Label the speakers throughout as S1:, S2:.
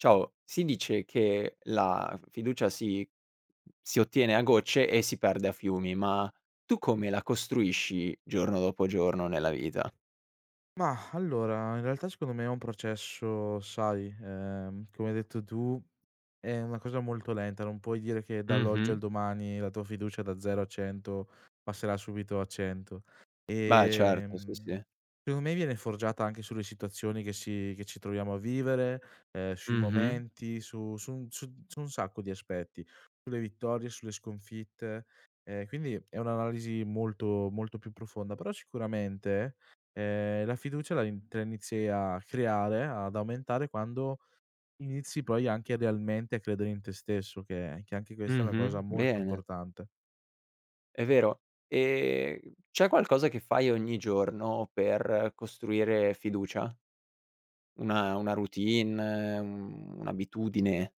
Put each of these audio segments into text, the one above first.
S1: Ciao, si dice che la f fiducia si si ottiene a gocce, e si perde a fiumi, ma tu come la costruisci giorno dopo giorno nella vita?
S2: Mah, allora, in realtà secondo me è un processo, sai, ehm, come hai detto tu, è una cosa molto lenta, non puoi dire che dall'oggi al
S1: Mh-mh.
S2: domani la tua fiducia da 0 a 100 passerà subito a 100
S1: Beh, certo. Sì,
S2: ehm,
S1: sì.
S2: [unintelligible] me viene forgiata anche sulle situazioni che si che ci troviamo a vivere, ehm, sui
S1: Mh-mh.
S2: momenti su su su su un sacco di aspetti, sulle vittorie, sulle sconfitte. Quindi è un'analisi molto, molto più profonda, però sicuramente, ehm, la fiducia la te la inizi a creare, ad aumentare quando inizi poi anche idealmente a credere in te stesso, che che anche questa è una cosa
S1: Mh-mh,
S2: molto
S1: bene.
S2: importante.
S1: È vero, ehm, c'è qualcosa che fai ogni giorno per costruire fiducia, una una routine, un un'abitudine?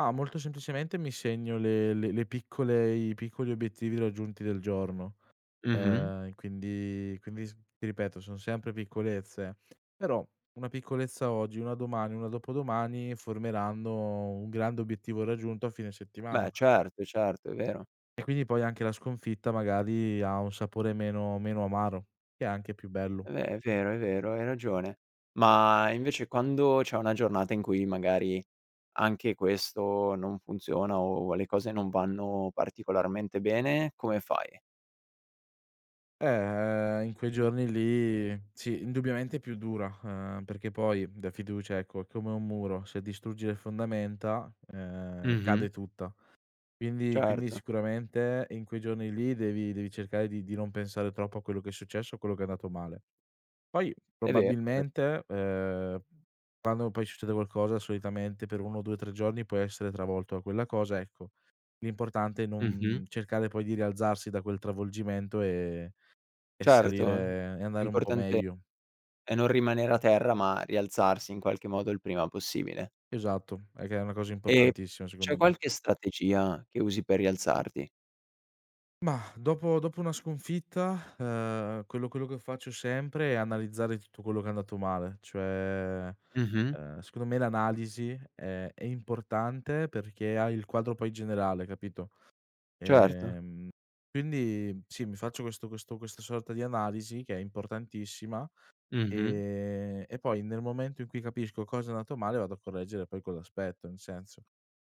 S2: Ma, molto semplicemente mi segno le le piccole i piccoli obiettivi raggiunti del giorno,
S1: Mh-mh.
S2: ehm, quindi quindi s ti ripeto, son sempre piccolezze, però 1 piccolezza oggi, 1 domani, 1 dopodomani formeranno un grande obiettivo raggiunto a fine settimana.
S1: Beh certo, certo, è vero.
S2: E quindi poi anche la sconfitta magari, ha un sapore meno meno amaro, e anche più bello.
S1: È ve è vero, è vero hai ragione, ma invece quando c'è una giornata in cui magari, anche questo non funziona, o le cose non vanno particolarmente bene, come fai?
S2: Eh, in quei giorni lì sì, indubbiamente è più dura, uhm, perché poi da fiducia ecco, è come un muro, se distruggi le fondamenta, ehm,
S1: Mh-mh.
S2: cade tutta. Quindi quindi
S1: Certo.
S2: sicuramente in quei giorni lì, devi devi cercare di di non pensare troppo a quello che è successo, a quello che è andato male; poi
S1: È vero, è vero.
S2: probabilmente, ehm, quando poi succede qualcosa solitamente per 1, 2, 3 giorni puoi essere travolto da quella cosa, ecco, l'importante è non
S1: Mh-mh.
S2: cercare poi di rialzarsi da quel travolgimento e e
S1: Certo, l
S2: salire e andare un po'
S1: l'importante
S2: meglio.
S1: è non rimanere a terra, ma rialzarsi in qualche modo il prima possibile.
S2: Esatto, è che è una cosa
S1: E
S2: importantissima,
S1: c'è
S2: secondo me.
S1: qualche strategia che usi per rialzarti?
S2: Mah, dopo dopo una sconfitta, uhm, quello quello che faccio sempre, è analizzare tutto quello che è andato male: cioè,
S1: Mh-mh.
S2: uhm, secondo me l'analisi, ehm, è importante perché hai il quadro poi generale capito?
S1: Certo.
S2: Ehm, quindi sì, mi faccio questo questo questa sorta di analisi, che è importantissima,
S1: Mh-mh.
S2: ehm, e poi nel momento in cui capisco cosa è andato male, vado a correggere poi quell'aspetto, in senso;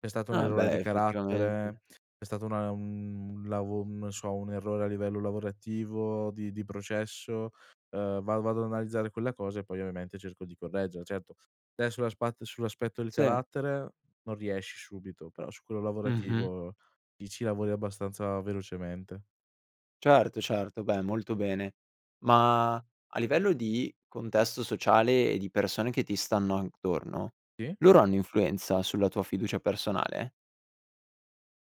S2: se è stato un
S1: Ah,
S2: errore
S1: beh,
S2: di
S1: effettivamente.
S2: carattere, se è stato una un lavo non so, un errore a livello lavorativo di di processo, uhm, va vado ad analizzare quella cosa e poi ovviamente cerco di correggere, certo adesso sull'aspatt sull'aspetto del
S1: Sì.
S2: carattere non riesci subito, però su quello
S1: Mh-mh.
S2: lavorativo, lì ci lavori abbastanza velocemente.
S1: Certo, certo. Beh, molto bene, ma a livello di contesto sociale e di persone che ti stanno attorno,
S2: Sì.
S1: loro hanno influenza sulla tua fiducia personale?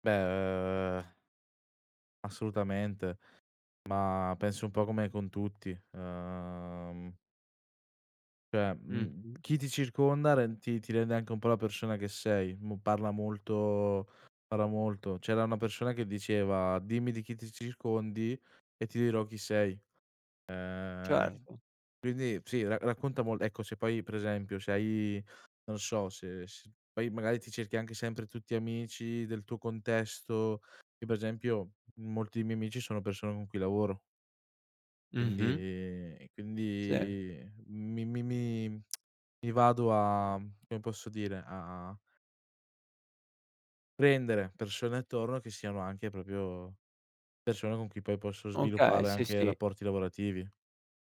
S2: Beh, uhm assolutamente, ma penso un po' come con tutti, uhm cioè, mhmm,
S1: Mh-mh.
S2: chi ti circonda rend ti ti rende anche un po' la persona che sei, mo parla molto parla molto, c'era una persona che diceva: "Dimmi di chi ti circondi e ti dirò chi sei" ehm,
S1: Certo.
S2: quindi sì ra racconta mol ecco, se poi pre esempio, se hai non so se se poi magari ti cerchi anche sempre tutti amici del tuo contesto, io per esempio molti dei miei amici sono persone con cui lavoro.
S1: Mh-mh.
S2: Quindi
S1: Sì.
S2: quindi mi mi mi mi vado a, come posso dire a prendere persone attorno, che siano anche proprio persone con cui poi possono
S1: Okay,
S2: sviluppare
S1: sì,
S2: anche
S1: sì.
S2: rapporti lavorativi.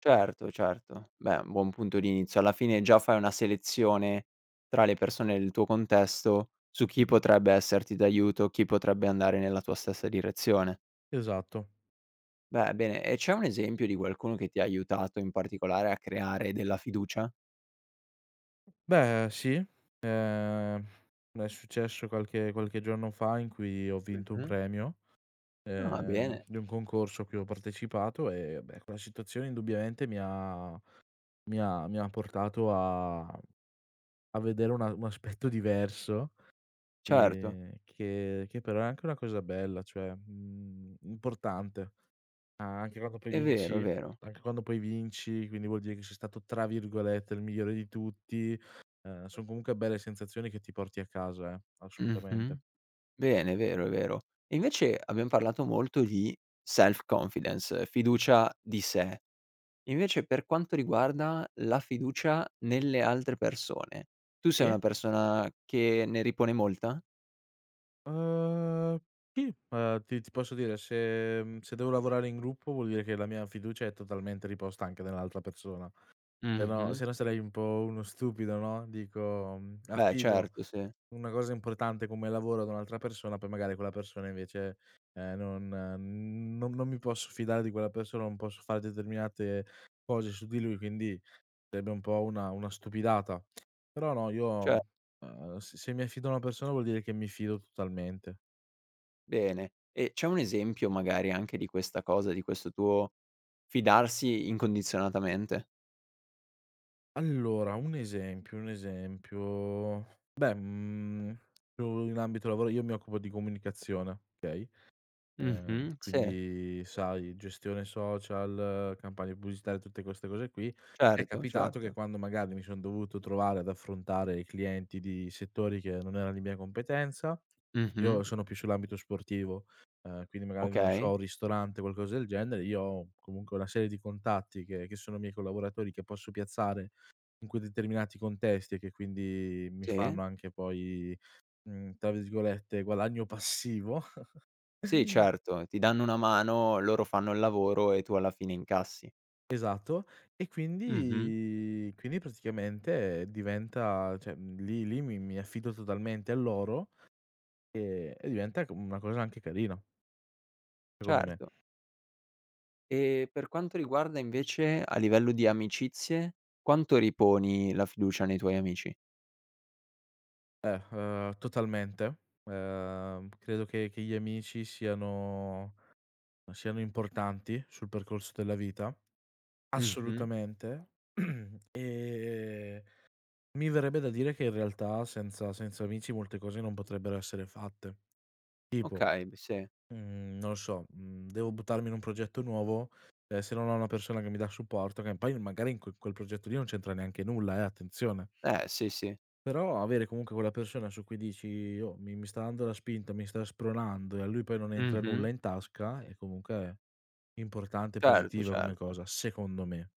S1: Certo, certo, beh, buon punto di inizio, alla fine già fai una selezione tra le persone del tuo contesto, su chi potrebbe esserti d'aiuto, chi potrebbe andare nella tua stessa direzione.
S2: Esatto.
S1: Beh, bene, e c'è un esempio di qualcuno, che ti ha aiutato in particolare a creare della fiducia?
S2: Beh sì, ehm, è successo qualche qualche giorno fa in cui ho vinto un
S1: Mh-mh.
S2: premio,
S1: Ah,
S2: ehm,
S1: bene.
S2: di un concorso a cui ho partecipato e beh, quella situazione indubbiamente mi ha mi ha mi ha portato a a vedere una un aspetto diverso,
S1: Certo.
S2: ehm, che che però è anche una cosa bella, cioè, mhmm, importante, anche quando poi
S1: È vero, è
S2: vinci
S1: vero.
S2: anche quando poi vinci, quindi vuol dire che sei stato tra virgolette "il migliore" di tutti, uhm, son comunque belle sensazioni, che ti porti a casa, eh, assolutamente.
S1: Mh-mh, bene è vero, è vero. E invece, abbiam parlato molto di self confidence, fiducia di sé, invece per quanto riguarda la fiducia nelle altre persone, tu sei una
S2: Sì.
S1: persona che ne ripone molta?
S2: Ehm, ti, uhm ti ti posso dire se, mhmm se devo lavorare in gruppo, vuol dire che la mia fiducia è totalmente riposta anche nell'altra persona. Se no
S1: Mh-mh.
S2: se no sarei un po' uno stupido, no, dico
S1: Beh
S2: affido
S1: certo, sì.
S2: una cosa importante come lavoro da un'altra persona, poi magari quella persona invece, ehm, no non, mhmm, non non mi posso fidare di quella persona, non posso fare determinate cose su di lui, quindi sarebbe un po' una una stupidata. Però no io,
S1: Ce
S2: mhmm, uhm, se se mi affido a una persona vuol dire che mi fido totalmente.
S1: Bene. E c'è un esempio, magari anche di questa cosa, di questo tuo fidarsi incondizionatamente?
S2: Allora, un esempio, un esempio. Beh, mhmm, io in ambito lavora io mi occupo di comunicazione, okay; ehm,
S1: Mh-mh. Se.
S2: quindi sai gestione social, campagne pubblicitarie tutte queste cose qui, è
S1: Certo,
S2: capitato che
S1: certo.
S2: quando magari mi son dovuto trovare ad affrontare i clienti di settori che non erano di mia competenza, io
S1: Mh-mh.
S2: sono più sull'ambito sportivo, ehm, quindi magari non so
S1: Okay.
S2: un ristorante, qualcosa del genere, io ho comunque una serie di contatti che che sono miei collaboratori che posso piazzare in quei determinati contesti e che quindi mi
S1: Sì
S2: fanno anche poi, mhmm, tra virgolette "guadagno passivo."
S1: Sì certo, ti danno una mano, loro fanno il lavoro e tu alla fine incassi.
S2: Esatto. E
S1: Mh-mh.
S2: quindi quindi praticamente diventa cioè, mhmm, lì lì mi mi affido totalmente a loro, e e diventa co mhmm, una cosa anche carina secondo me.
S1: Certo. E per quanto riguarda invece, a livello di amicizie, quanto riponi la fiducia nei tuoi amici?
S2: Eh, uhm, totalmente. Ehm, credo che che gli amici siano uhm, siano importanti sul percorso della vita,
S1: Mh-mh.
S2: assolutamente. Ehm, mi verrebbe da dire che in realtà senza senza amici molte cose non potrebbero essere fatte. Tipo,
S1: Okay, m sì.
S2: mhmm, non lo so, mhmm, devo buttarmi in un progetto nuovo, ehm, se non ho una persona che mi dà supporto, che poi magari in quel quel progetto lì non c'entra neanche nulla eh, attenzione,
S1: Eh sì, sì.
S2: però avere comunque quella persona su cui dici: "Io mi mi sta dando la spinta, mi sta spronando", e a lui poi non entra nulla
S1: Mh-mh.
S2: in tasca è comunque importante e
S1: Certo,
S2: positiva come
S1: certo.
S2: cosa, secondo me.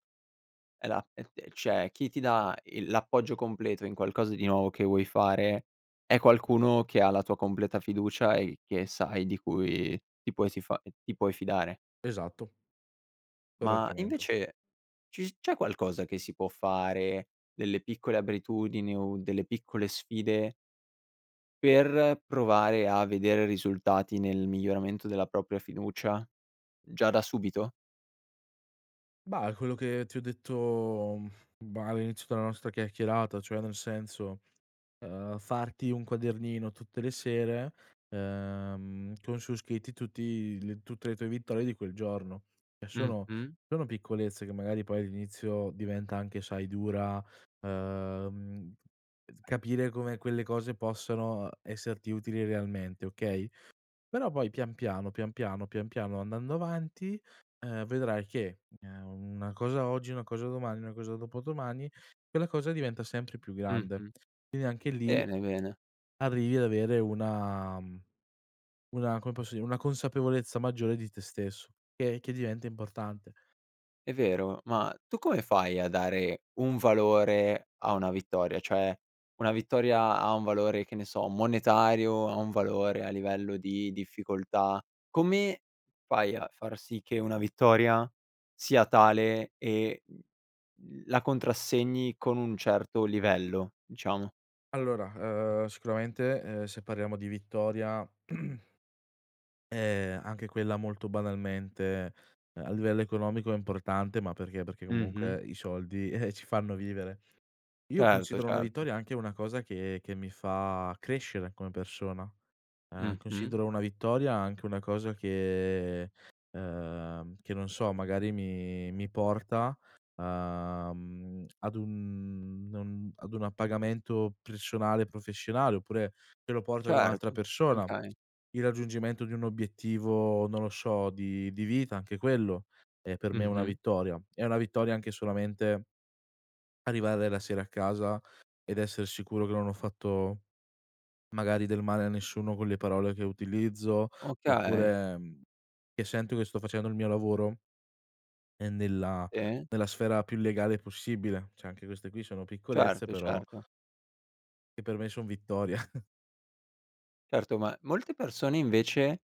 S1: E la e e cioè chi ti dà il l'appoggio completo in qualcosa di nuovo che vuoi fare è qualcuno che ha la tua completa fiducia e che sai di cui ti puoi tifa ti puoi fidare.
S2: Esatto.
S1: Ma
S2: Correttamente.
S1: invece ci s c'è qualcosa che si può fare, delle piccole abitudini o delle piccole sfide per provare a vedere risultati nel miglioramento della propria fiducia? Già da subito?
S2: Bah, è quello che ti ho detto, uhm, bah, all'inizio della nostra chiacchierata, cioè nel senso, ehm, farti un quadernino tutte le sere, ehm, con su scritti tutti le tutte le tue vittorie di quel giorno. E sono
S1: Mh-mh.
S2: sono piccolezze che magari poi all'inizio diventa anche, sai, dura, ehm, capire come quelle cose possono esserti utili realmente, okay; però poi pian piano, pian piano, pian piano andando avanti, ehm, vedrai che, u ehm, una cosa oggi una cosa domani una cosa dopodomani, quella cosa diventa sempre più grande.
S1: Mh-mh.
S2: E anche lì
S1: Bene, bene.
S2: arrivi ad avere una, mhmm una come posso dire, una consapevolezza maggiore di te stesso che che diventa importante.
S1: È vero. Ma tu come fai a dare un valore a una vittoria? Cioè una vittoria ha un valore, che ne so, monetario, ha un valore a livello di difficoltà, come fai a far sì che una vittoria sia tale e, uhm, mhmm, la contrassegni con un certo livello, diciamo?
S2: Allora, uhm, sicuramente, ehm, se parliamo di vittoria ehm, anche quella molto banalmente, ehm, a livello economico è importante, ma perché, perché
S1: Mh-mh.
S2: comunque i soldi, eh-eh ci fanno vivere. Io
S1: Certo,
S2: considero una
S1: certo.
S2: vittoria anche una cosa che che mi fa crescere come persona. Ehm,
S1: Mh-mh.
S2: considero una vittoria anche una cosa che, ehm, che non so, magari mi mi porta, uhm, ad un, uhm non ad un appagamento personale professionale, oppure te lo porto ad un'altra
S1: Certo.
S2: persona.
S1: Okay.
S2: Il raggiungimento di un obiettivo, non lo so, di di vita anche quello è per me una
S1: Mh-mh.
S2: vittoria, è una vittoria anche solamente arrivare la sera a casa ed esser sicuro che non ho fatto magari del male a nessuno con le parole che utilizzo,
S1: Okay.
S2: oppure, mhmm, che sento che sto facendo il mio lavoro ehm, nella
S1: Sì.
S2: nella sfera più legale possibile. Cioè anche queste qui sono piccolezze
S1: Certo,
S2: però
S1: certo.
S2: e per me son vittorie.
S1: Certo, ma molte persone invece,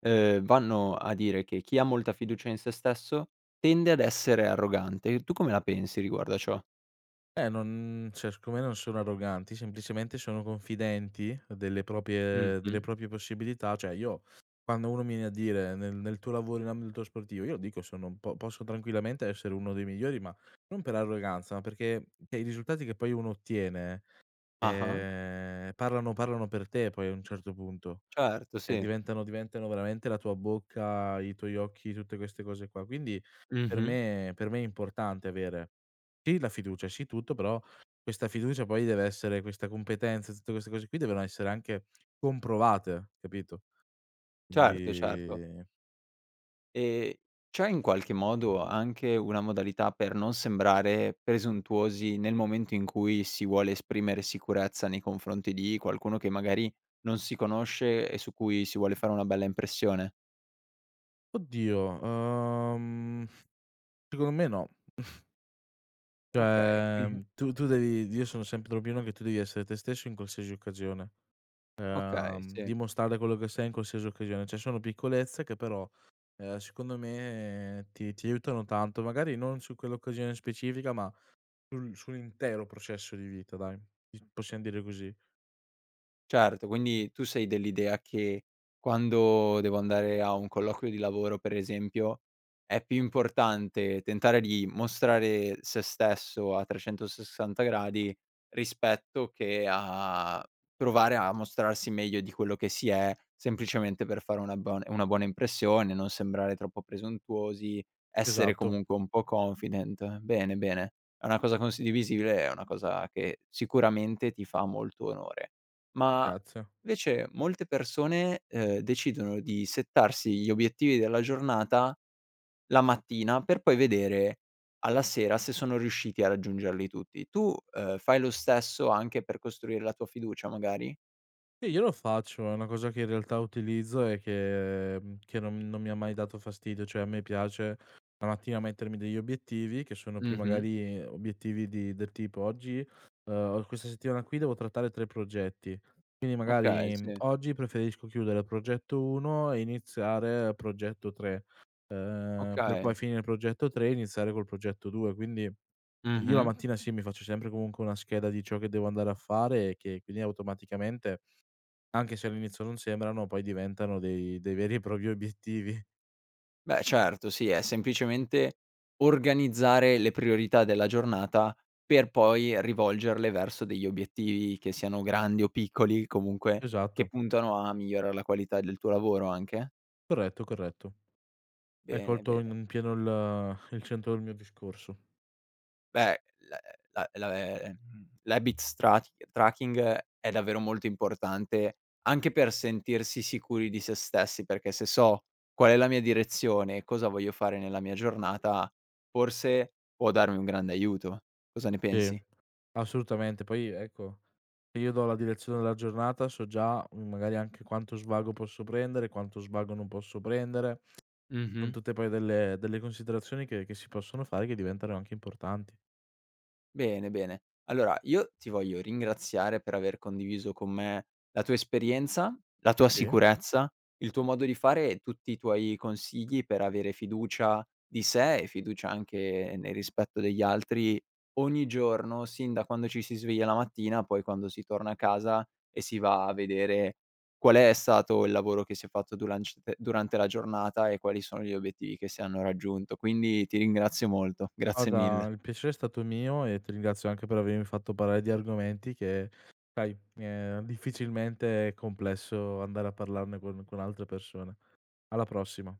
S1: ehm, vanno a dire che: "Chi ha molta fiducia in se stesso tende ad essere arrogante." E tu come la pensi riguardo a ciò?
S2: Eh, non cioè, siccome non sono arroganti, semplicemente sono confidenti delle proprie delle
S1: Mh-mh.
S2: proprie possibilità, cioè, io quando uno mi viene a dire, nel nel tuo lavoro in ambito sportivo, io lo dico, sono un po' posso tranquillamente essere uno dei migliori, ma non per arroganza, ma perché e i risultati che poi uno ottiene,
S1: Ah-ah.
S2: ehm, parlano parlano per te, poi, a un certo punto,
S1: Certo,
S2: e
S1: sì.
S2: diventano diventano veramente la tua bocca, i tuoi occhi, tutte queste cose qua, quindi per
S1: Mh-mh.
S2: me per me è importante avere sì la fiducia, sì tutto, però questa fiducia poi deve essere questa competenza, e tutte queste cose qui, devono essere anche comprovate, capito?
S1: Certo, certo.
S2: Quindi
S1: Ehm, c'è in qualche modo anche una modalità per non sembrare presuntuosi, nel momento in cui si vuole esprimere sicurezza nei confronti di qualcuno, che magari non si conosce, e su cui si vuole fare una bella impressione?
S2: Oddio, uhm, mhmm, secondo me no.
S1: Okay,
S2: Cioè,
S1: qui
S2: mhmm, tu tu devi io sono sempre dell'opinione che tu devi essere te stesso, in qualsiasi occasione.
S1: Okay,
S2: Uhm,
S1: sì.
S2: dimostrare quello che sei in qualsiasi occasione. Cioè, sono piccolezze che però, uhm, secondo me ti ti aiutano tanto. Magari non su quell'occasione specifica, ma sul sull'intero processo di vita, dai. Is possiam dire così.
S1: Certo, quindi tu sei dell'idea che, quando devo andare a un colloquio di lavoro, per esempio, è più importante tentare di mostrare se stesso a 360 gradi, rispetto che a provare a mostrarsi meglio di quello che si è, semplicemente per fare una una bon una buona impressione, non sembrare troppo presuntuosi, essere
S2: Esatto.
S1: comunque un po' confident. Bene, bene, è una cosa condivisibile, è una cosa che sicuramente ti fa molto onore. Ma,
S2: Grazie.
S1: invece molte persone, uhm, decidono di settarsi gli obiettivi della giornata la mattina, per poi vedere alla sera se sono riusciti a raggiungerli tutti. Tu, uhm, fai lo stesso anche per costruire la tua fiducia, magari?
S2: Sì, io lo faccio, è una cosa che in realtà utilizzo e che mhmm, che non non mi ha mai dato fastidio, cioè a me piace la mattina mettermi degli obiettivi che sono più
S1: Mh-mh.
S2: magari obiettivi di del tipo: "Oggi uhm, questa settimana qui devo trattare 3 progetti". Quindi
S1: Okay,
S2: magari
S1: sì.
S2: oggi preferisco chiudere il progetto 1 e iniziare progetto 3, uhm, per poi
S1: Okay.
S2: finire il progetto 3 e iniziare col progetto 2. Quindi, io la
S1: Mh-mh.
S2: mattina, sì, mi faccio sempre comunque una scheda di ciò che devo andare a fare, e che quindi automaticamente, anche se all'inizio non sembrano, poi diventano dei dei veri e propri obiettivi.
S1: Beh, certo. Sì, è semplicemente organizzare le priorità della giornata, per poi rivolgerle verso degli obiettivi, che siano grandi o piccoli, comunque che
S2: Esatto.
S1: puntano a migliorare la qualità del tuo lavoro, anche?
S2: Corretto, corretto. Hai
S1: Bene,
S2: colto
S1: bene.
S2: in pieno il il centro del mio discorso.
S1: Beh l la la ehm l'habits trac tracking è davvero molto importante, anche per sentirsi sicuri di se stessi, perché se so qual è la mia direzione e cosa voglio fare nella mia giornata, forse può darmi un grande aiuto. Cosa ne
S2: Sì.
S1: pensi?
S2: Assolutamente. Poi, ecco io do la direzione della giornata so già, mhmm, magari anche quanto svago posso prendere, quanto svago non posso prendere. Son
S1: Mh-mh.
S2: tutte poi delle delle considerazioni che che si possono fare, che diventeranno anche importanti.
S1: Bene, bene. Allora, io ti voglio ringraziare per aver condiviso con me la tua esperienza, la tua
S2: Sì.
S1: sicurezza, il tuo modo di fare e tutti i tuoi consigli per avere fiducia di se, e fiducia anche nel rispetto degli altri ogni giorno, sin da quando ci si sveglia la mattina, poi quando si torna a casa e si va a vedere qual è stato il lavoro che si è fatto duranc durante la giornata e quali sono gli obiettivi che si hanno raggiunto. Quindi ti ringrazio molto. Grazie
S2: Guarda,
S1: mille.
S2: il piacere è stato mio, e ti ringrazio anche per avermi fatto parlare di argomenti che sai, ehm, difficilmente è complesso andare a parlarne con con altre persone. Alla prossima.